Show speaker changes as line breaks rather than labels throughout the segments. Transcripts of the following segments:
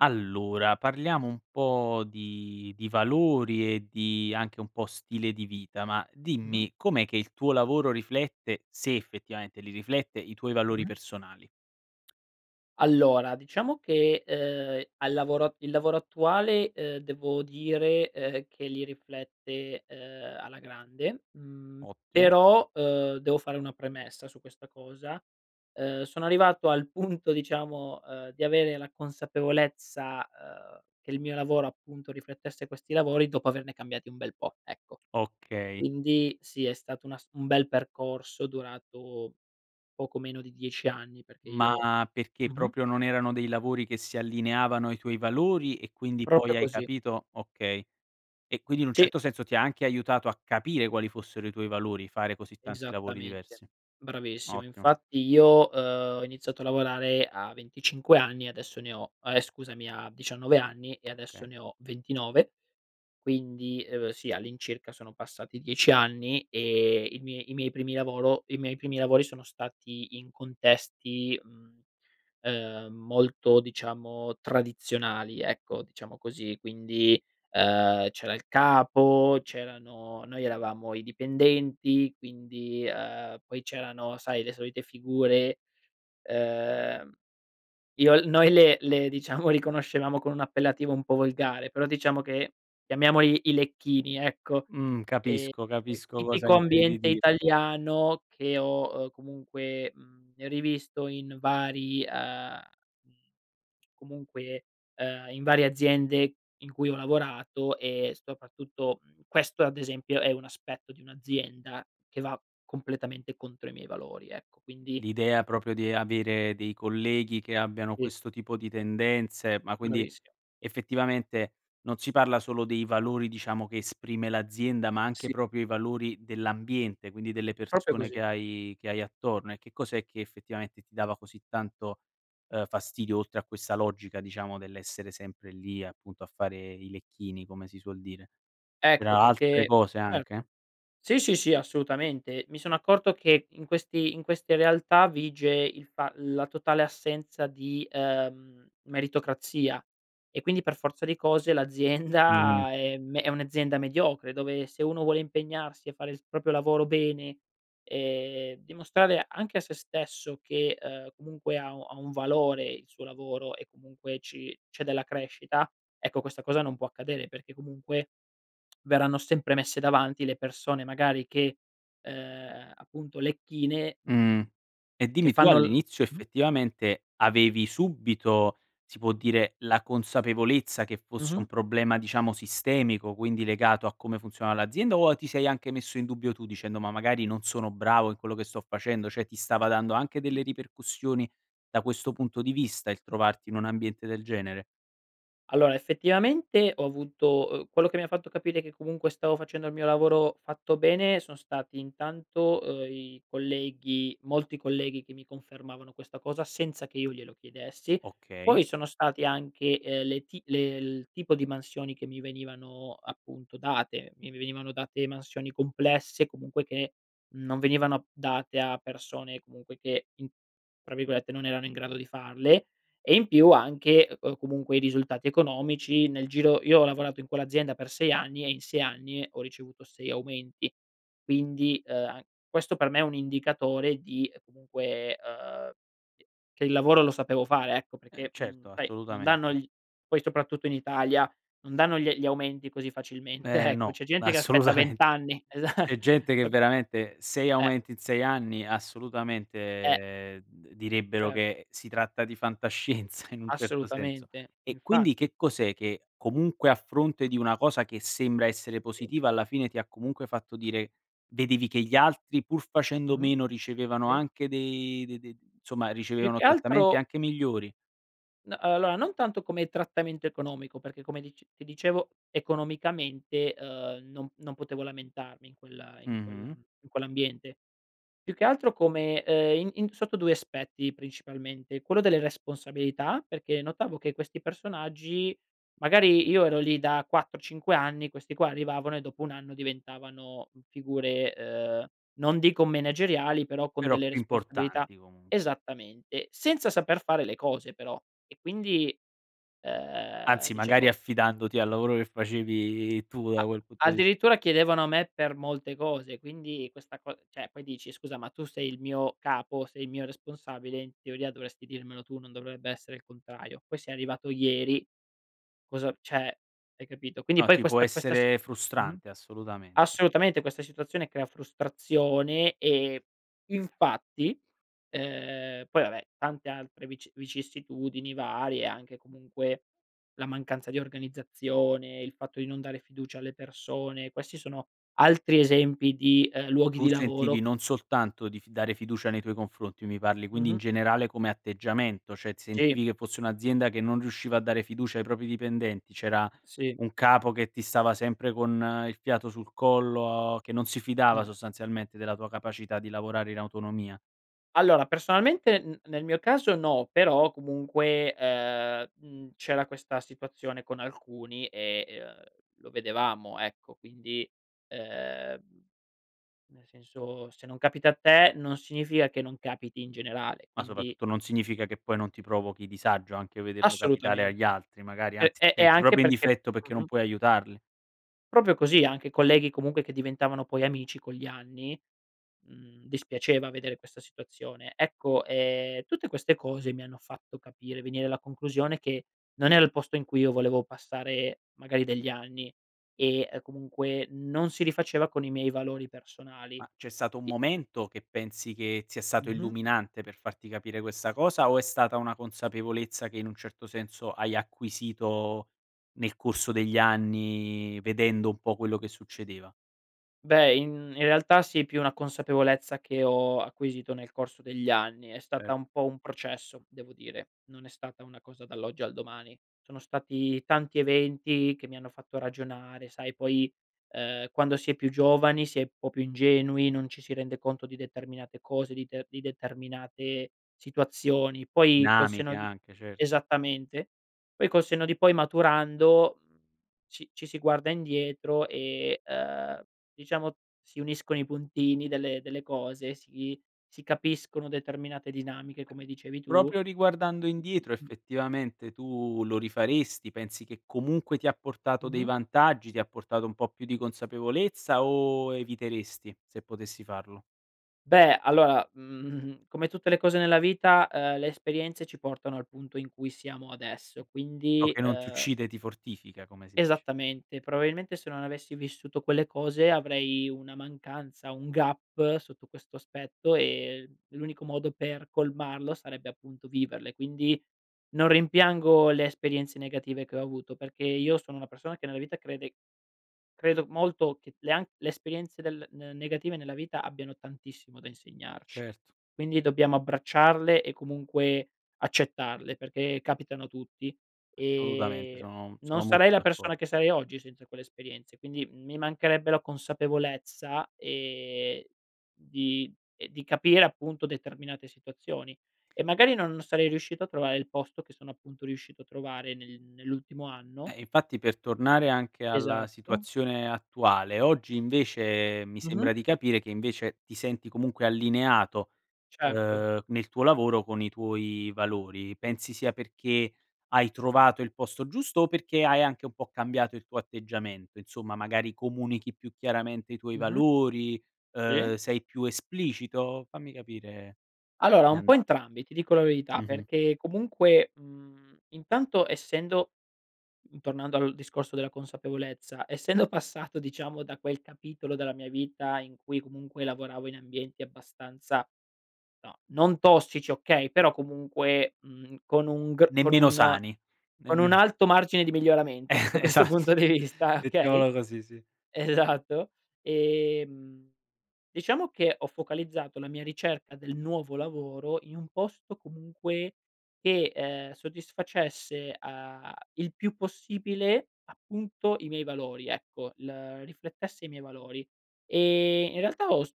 Allora parliamo un po' di di valori e di anche un po' stile di vita, ma
Mh-mh.
dimmi com'è che il tuo lavoro riflette, se effettivamente li riflette, i tuoi valori
Mh.
personali?
Allora diciamo che, ehm, al lavoro il lavoro attuale, uhm, devo dire, uhm, che li riflette, uhm, alla grande. Mhmm,
Ottimo.
però, uhm, devo fare una premessa su questa cosa. Uhm, sono arrivato al punto diciamo, uhm, di avere la consapevolezza, uhm, che il mio lavoro appunto riflettesse questi lavori dopo averne cambiati un bel po', ecco.
Okay.
Quindi sì, è stato un ass un bel percorso durato poco meno di 10 anni. Perché io
Ma, perché
mh-mh.
proprio non erano dei lavori che si allineavano ai tuoi valori e quindi
Proprio
poi hai
così.
capito okay. E quindi in un
Sì.
certo senso ti ha anche aiutato a capire quali fossero i tuoi valori, fare così tanti lavori
Esattamente.
diversi.
Bravissimo.
Ottimo.
Infatti io, uhm, ho iniziato a lavorare a 25 anni e adesso ne ho ehm, scusami, a 19 anni e adesso
Okay.
ne ho 29. Quindi, uhm, sì, all'incirca sono passati 10 anni, ehm, i mie i miei primi lavoro i miei primi lavori sono stati in contesti, mhmm, ehm, molto diciamo tradizionali, ecco, diciamo così, quindi, uhm, c'era il capo, c'erano noi eravamo i dipendenti, quindi uhm, poi c'erano, sai, le solite figure, uhm, Io l noi le le diciamo, riconoscevamo con un appellativo un po' volgare, però diciamo che chiamiamoli i lecchini ecco;
Mh, capisco.
ehm,
Capisco cosa
tipico
intendi
ambiente
dir
italiano che ho, uhm, comunque, mhmm, rivisto in vari uhm, comunque, uhm, in varie aziende in cui ho lavorato, e soprattutto mhmm, questo ad esempio è un aspetto di un'azienda che va completamente contro i miei valori ecco, quindi
L'idea proprio di avere dei colleghi che abbiano
Sì.
questo tipo di tendenze, ma quindi,
Bravissimo.
effettivamente, non si parla solo dei valori diciamo che esprime l'azienda, ma anche
Sì.
proprio i valori dell'ambiente, quindi delle
Proprio
persone che
così.
hai che hai attorno e che cos'è che effettivamente ti dava così tanto, ehm, fastidio oltre a questa logica, diciamo dell'essere sempre lì, appunto a fare i lecchini, come si suol dire. Per
Ecco,
a altre
perché
cose
certo.
anche?
Sì, sì, sì, assolutamente. Mi sono accorto che, in questi in queste realtà vige il fa la totale assenza di, ehm, meritocrazia. E quindi, per forza di cose,
Mh.
l'azienda è me è un'azienda mediocre dove, se uno vuole impegnarsi a fare il proprio lavoro bene, e dimostrare anche a se stesso che, uhm, comunque ha u ha un valore il suo lavoro e comunque ci c'è della crescita, ecco questa cosa non può accadere perché comunque, verranno sempre messe davanti le persone magari che ehm, appunto lecchine,
Mh. E
che
dimmi, tu
fanno l
all'inizio
[unintelligible]
effettivamente, avevi subito, si può dire la consapevolezza che fosse un
Mh-mh.
problema, diciamo sistemico, quindi legato a come funzionava l'azienda o a ti sei anche messo in dubbio tu dicendo: "Ma magari non sono bravo in quello che sto facendo." Cioè, ti stava dando anche delle ripercussioni da questo punto di vista il trovarti in un ambiente del genere?
Allora, effettivamente ho avuto, uhm quello che mi ha fatto capire che comunque stavo facendo il mio lavoro fatto bene sono stati intanto, uhm, i colleghi molti colleghi che mi confermavano questa cosa senza che io glielo chiedessi.
Okay.
Poi sono stati anche, ehm, le ti le il tipo di mansioni che mi venivano appunto date. Mi venivano date mansioni complesse, comunque che non venivano date a persone, comunque, che in tra virgolette, “non erano in grado di farle”; e in più anche c comunque, i risultati economici. Nel giro io ho lavorato in quell'azienda per 6 anni e in 6 anni ho ricevuto 6 aumenti. Quindi, uhm, a questo per me è un indicatore di, ehm, comunque, ehm, uhm, che che il lavoro lo sapevo fare, ecco;
Eh
perché, mhmm,
certo,
sai, non danno
assolutamente.
gli poi soprattutto in Italia, non danno gli gli aumenti così facilmente,
Eh
ecco.
no,
C'è gente che aspetta
assolutamen
20, esa
C'è gente che
capi
veramente, 6
eh.
aumenti in 6 anni,
Eh.
assolutamente, d direbbero
Cer
che si tratta di fantascienza, in un certo senso.
Assolutamente,
E quindi
infatti.
che cos'è che comunque, a fronte di una cosa che sembra essere
Sì.
positiva, alla fine ti ha comunque fatto dire vedevi che gli altri, pur facendo
Mh-mh.
meno, ricevevano
Sì.
anche dei d d insomma,
Più
ricevevano
che
trattamenti
altro
anche migliori?
No, uhm, allora non tanto come trattamento economico, perché come dic ti dicevo economicamente, uhm, non non potevo lamentarmi in quel in quel
Mh-mh.
in quell’ambiente. Più che altro come ehm, in in sotto 2 aspetti principalmente: quello delle responsabilità, perché notavo che questi personaggi magari io ero lì da 4 o 5 anni, questi qua arrivavano e dopo 1 anno diventavano figure, uhm, non dico menageriali però con
Però
delle
più
responsabilità.
importanti comunq
Esattamente, senza saper fare le cose però. E quindi, ehm,
Anzi, magari
dicevo
affidandoti al lavoro che facevi tu da
A
quel punto di
addirittura chiedevano a me per molte cose, quindi questa co cioè poi dici: “Scusa ma tu sei il mio capo, sei il mio responsabile, in teoria dovresti dirmelo tu, non dovrebbe essere il contrario. Poi sei arrivato ieri, cosa "cioè hai capito? Quindi
No,
poi
ti può
questa questa si
essere
mh-mh,
frustrante, assolutamente.
assolutamente, questa situazione crea frustrazione e infatti uhm, poi vabbè tante altre vici vicissitudini varie, anche comunque la mancanza di organizzazione, il fatto di non dare fiducia alle persone; questi sono altri esempi di, ehm, luoghi
Tu
di
sentivi
lavoro
non soltanto di f dare fiducia nei tuoi confronti. Mi parli, quindi in
Mh-mh.
generale come atteggiamento, cioè ti
Sì.
sentivi che fosse un'azienda che non riusciva a dare fiducia ai propri dipendenti, c'era
Sì.
un capo che ti stava sempre con il fiato sul collo, che non si fidava
Mh.
sostanzialmente della tua capacità di lavorare in autonomia.
Allora personalmente n nel mio caso no, però comunque, ehm, mhmm, c'era questa situazione con alcuni e e, uhm, lo vedevamo ecco, quindi ehm, nel senso se non capita a te non significa che non capiti in generale,
Ma
quindi
soprattutto non significa che poi non ti provochi disagio anche vederlo capitare agli
Assolutamente.
altri, magari
P
anzi ti
e e
senti
anche
proprio in
perché
difetto perché non
mh-mh.
puoi aiutarli.
Proprio così, anche colleghi comunque che diventavano poi amici con gli anni mhmm, dispiaceva vedere questa situazione. Ecco, ehm, tutte queste cose mi hanno fatto capire venire alla conclusione che non era il posto in cui io volevo passare magari degli anni, e, ehm, comunque non si rifaceva con i miei valori personali.
Ma c'è stato un
I
momento che pensi che sia stato
Mh-mh.
illuminante per farti capire questa cosa o è stata una consapevolezza che, in un certo senso, hai acquisito, nel corso degli anni vedendo un po' quello che succedeva?
Beh, in in realtà sì, più una consapevolezza che ho acquisito nel corso degli anni. È stata
Cer
un po' un processo, devo dire. Non è stata una cosa dall'oggi al domani. Sono stati tanti eventi che mi hanno fatto ragionare; sai, poi, uhm, quando si è più giovani si è un po' più ingenui, non ci si rende conto di determinate cose, di te di determinate situazioni. Poi col
Dinamiche
senno di
anche, cert
esattamente. Poi col senno di poi maturando, mhmm, ci ci si guarda indietro e, uhm, diciamo, si uniscono i puntini delle delle cose, si si capiscono determinate dinamiche, come dicevi tu.
Proprio riguardando indietro
Mh.
effettivamente tu lo rifaresti, pensi che comunque ti ha portato dei
Mh-Mh.
vantaggi, ti ha portato un po' più di consapevolezza o eviteresti se potessi farlo?
Beh allora, mhmm, come tutte le cose nella vita, ehm, le esperienze ci portano al punto in cui siamo adesso,
Ciò
quindi,
che non ti
ehm
uccide ti fortifica, come si dice.
Esattamente, probabilmente se non avessi vissuto quelle cose avrei una mancanza, un gap sotto questo aspetto e l'unico modo per colmarlo sarebbe appunto viverle, quindi, non rimpiango le esperienze negative che ho avuto perché io sono una persona che nella vita crede credo molto che le an le esperienze del n negative nella vita abbiano tantissimo da insegnarci.
Certo.
Quindi dobbiamo abbracciarle e comunque accettarle perché capitano a tutti,
Assolutamente
ehm,
sono
non
sono
sarei
molto
la persona
d'accordo.
che sarei oggi senza quelle esperienze, quindi, mhmm, mi mancherebbe la consapevolezza, ehm, di ehm, di capire appunto determinate situazioni. E magari non non sarei riuscito a trovare il posto che sono appunto riuscito a trovare nel nell'ultimo anno
Eh, infatti per tornare anche alla
Esatto.
situazione attuale, oggi invece mi sembra
Mh-mh.
di capire che invece ti senti comunque allineato,
Certo.
uhm, nel tuo lavoro con i tuoi valori. Pensi sia perché hai trovato il posto giusto? O perché hai anche un po' cambiato il tuo atteggiamento insomma, magari comunichi più chiaramente i tuoi
Mh-mh.
valori, uhm,
Sì.
sei più esplicito? Fammi capire.
Allora
Mi
un po'
anda
entrambi, ti dico la verità,
Mh-mh.
perché comunque, mhmm, intanto essendo mhmm, tornando al discorso della consapevolezza, essendo passato diciamo da quel capitolo della mia vita in cui comunque lavoravo in ambienti abbastanza no, non tossici okay, però comunque, mhmm, con un gr con
Nemmeno
un
sani,
con un
nemmeno
alto margine di
E
miglioramento, sotto questo
esatto.
punto di vista, okay
Mettiamola così, sì.
Esatto. Ehm, diciamo che ho focalizzato la mia ricerca del nuovo lavoro in un posto comunque che, ehm, soddisfacesse, uhm, il più possibile, appunto i miei valori, ecco, l riflettesse i miei valori. E in realtà ho s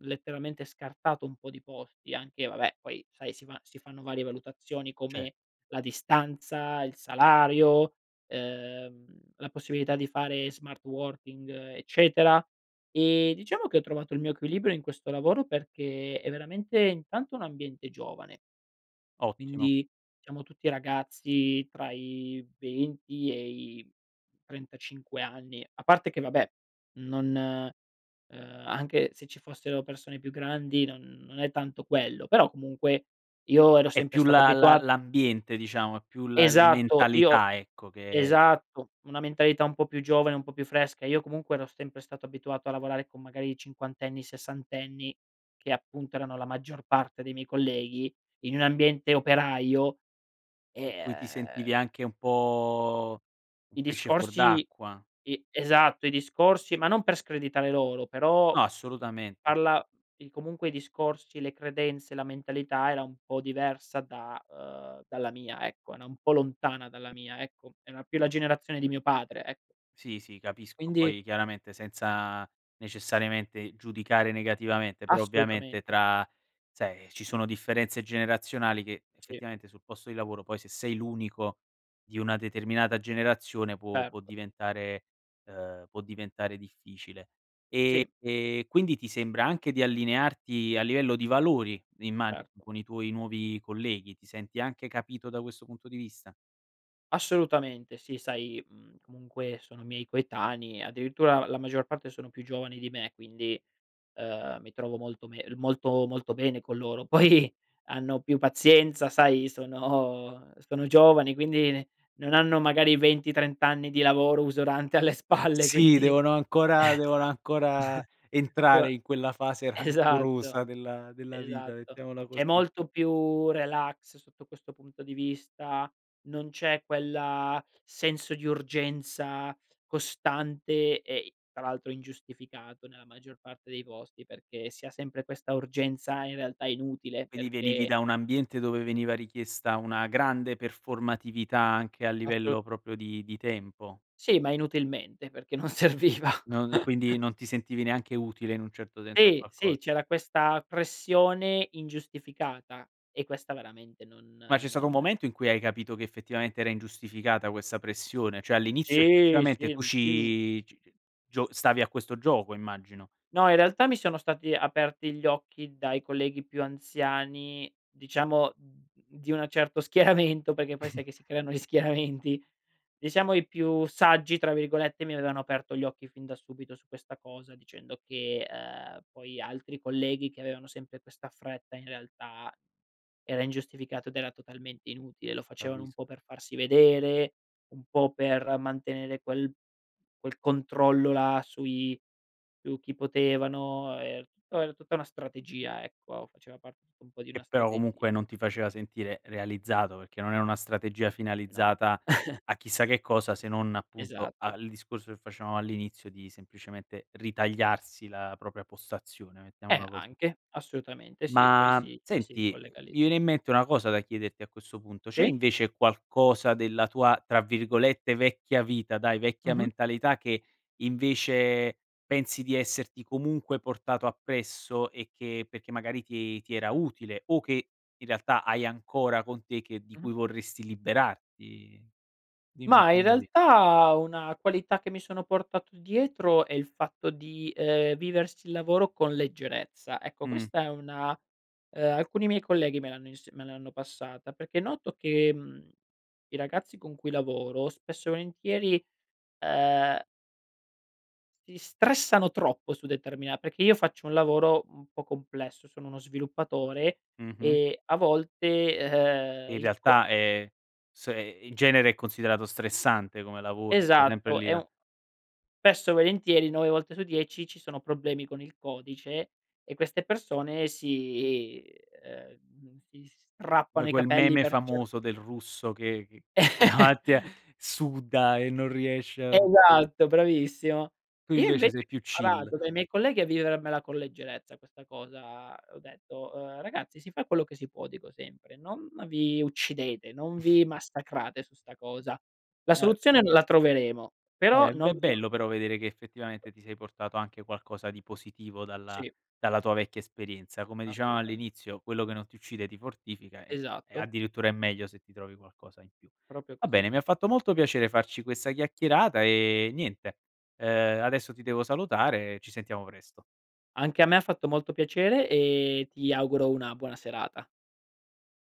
letteralmente scartato un po' di posti, anche vabbè poi sai, si va si fanno varie valutazioni
Cer
come la distanza, il salario, ehm, la possibilità di fare smart working eccetera. E diciamo che ho trovato il mio equilibrio in questo lavoro perché è veramente intanto un ambiente giovane
Ottimo.
quindi siamo tutti ragazzi tra i 20 e i 35 anni. A parte che vabbè non, uhm, anche se ci fossero persone più grandi non non è tanto quello, però comunque io ero
È
sempre
più
stato
la la
abituato
l'ambiente, diciamo è più la- la
Esatto, io
mentalità ecco che
esatto, una mentalità un po' più giovane, un po' più fresca. Io comunque ero sempre stato abituato a lavorare con magari cinquantenni, sessantenni che appunto erano la maggior parte dei miei colleghi, in un ambiente operaio,
In
e,
cui ti
uhm
sentivi anche un po' un
i
pesce fuor
discorsi
d'acqua.
i Esatto, i discorsi ma non per screditare loro però
No, assolutamente.
parla di comunque i discorsi, le credenze, la mentalità era un po' diversa da uhm, dalla mia ecco, era un po' lontana dalla mia ecco. Era più la generazione di mio padre e
Sì, sì, capisco.
Quindi
Poi chiaramente senza necessariamente giudicare negativamente, però ovviamente
Assolutamente.
tra sai ci sono differenze generazionali che
Sì.
effettivamente, sul posto di lavoro poi, se sei l'unico di una determinata generazione può può
Certo.
diventare uhm, può diventare difficile. E
Sì.
e quindi ti sembra anche di allinearti a livello di valori, immagino
Certo.
con i tuoi nuovi colleghi. Ti senti anche capito da questo punto di vista?
Assolutamente sì. Sai, mhmm, comunque sono miei coetanei, addirittura la la maggior parte sono più giovani di me, quindi, uhm, mi trovo molto me molto molto bene con loro. Poi hanno più pazienza, sai, sono sono giovani, quindi ne non hanno magari 20-30 anni di lavoro usurante alle spalle,
Sì,
quindi
devono ancora devono ancora entrare, in quella fase
[unintelligible] esatto.
rancorosa della della vita,
Esatto.
mettiamola
C'è
così.
molto più relax sotto questo punto di vista. Non c'è quella senso di urgenza costante e i tra l'altro ingiustificato nella maggior parte dei posti, perché si ha sempre questa urgenza in realtà inutile,
Vedi, venivi
perché
da un ambiente dove veniva richiesta una grande performatività anche a
Asso
livello proprio di di tempo.
Sì, ma inutilmente, perché non serviva.
Non quindi non ti sentivi neanche utile in un certo senso a
Sì,
qualco
sì, c'era questa pressione ingiustificata e questa veramente non
Ma c'è stato un
non
momento, in cui hai capito che effettivamente era ingiustificata questa pressione? Cioè all'inizio
Sì,
effettivamente
sì,
tu
in più.
ci g gio stavi a questo gioco, immagino?
No, in realtà mi sono stati aperti gli occhi dai colleghi più anziani, diciamo, d di un certo schieramento, perché poi sai che si creano gli schieramenti. Diciamo i più "saggi”, tra virgolette, mi avevano aperto gli occhi fin da subito su questa cosa, dicendo che, ehm, poi altri colleghi che avevano sempre questa fretta, in realtà, era ingiustificato ed era totalmente inutile. Lo
A
facevano
ris
un po' per farsi vedere, un po' per mantenere quel quel controllo là sui su chi potevano e po era tutta una strategia, ecco, faceva parte un po' di una
Che però
strategia.
comunque non ti faceva sentire realizzato, perché non era una strategia
No.
finalizzata a chissà che cosa, se non appunto a
Esatto.
al discorso che facevamo all'inizio, di semplicemente ritagliarsi la propria postazione,
Eh
mettiamola così.
anche, assolutamente sì, poi
Ma
si si
senti,
ricollega lì.
mi viene in mente una cosa da chiederti a questo punto. C'è
Sì.
invece qualcosa della tua, tra virgolette, “vecchia vita”, dai, vecchia
Mh-mh.
mentalità, che invece pensi di esserti comunque portato appresso e che perché magari ti ti era utile, o che in realtà hai ancora con te e che di
Mh-mh.
cui vorresti liberarti? Dimmi
Mah, in
fammi capir
realtà una qualità che mi sono portato dietro è il fatto di, ehm, viversi il lavoro con leggerezza, ecco
Mhm.
questa è una, uhm alcuni miei colleghi me l'hanno ins me l'hanno passata, perché noto che, mhmm, i ragazzi con cui lavoro, spesso e volentieri, uhm Ti stressano troppo su determina perché io faccio un lavoro un po' complesso, sono uno sviluppatore,
Mh-mh.
e a volte, uhm,
In
il co
realtà è s e in genere è considerato stressante come lavoro, stai sempre
Esatto,
lì
è
a
un spesso e volentieri 9 volte su 10 ci sono problemi con il codice, e queste persone si uhm, si
Come
strappano i
quel
capelli
meme
per cer
famoso del russo che che davanti e suda e non riesce a
Esatto, bravissimo.
Tu
Io
invece
invece
sei più
ho
chill.
imparato dai miei colleghi a vivermela con leggerezza questa cosa, ho detto, uhm: "Ragazzi si fa quello che si può, dico sempre, non vi uccidete, non vi massacrate su 'sta cosa. La
Eh, beh.
soluzione la troveremo, però
Eh, v
non
è
vi am"
bello però vedere che effettivamente ti sei portato anche qualcosa di positivo dalla
Sì.
dalla tua vecchia esperienza, come dicevamo
Assolutamente.
all'inizio, quello che non ti uccide ti fortifica e e
Esatto.
addirittura è meglio se ti trovi qualcosa in più.
Proprio
Va
così.
bene, mi ha fatto molto piacere farci questa chiacchierata e niente, ehm, adesso ti devo salutare e ci sentiamo presto.
Anche a me ha fatto molto piacere, e ti auguro una buona serata.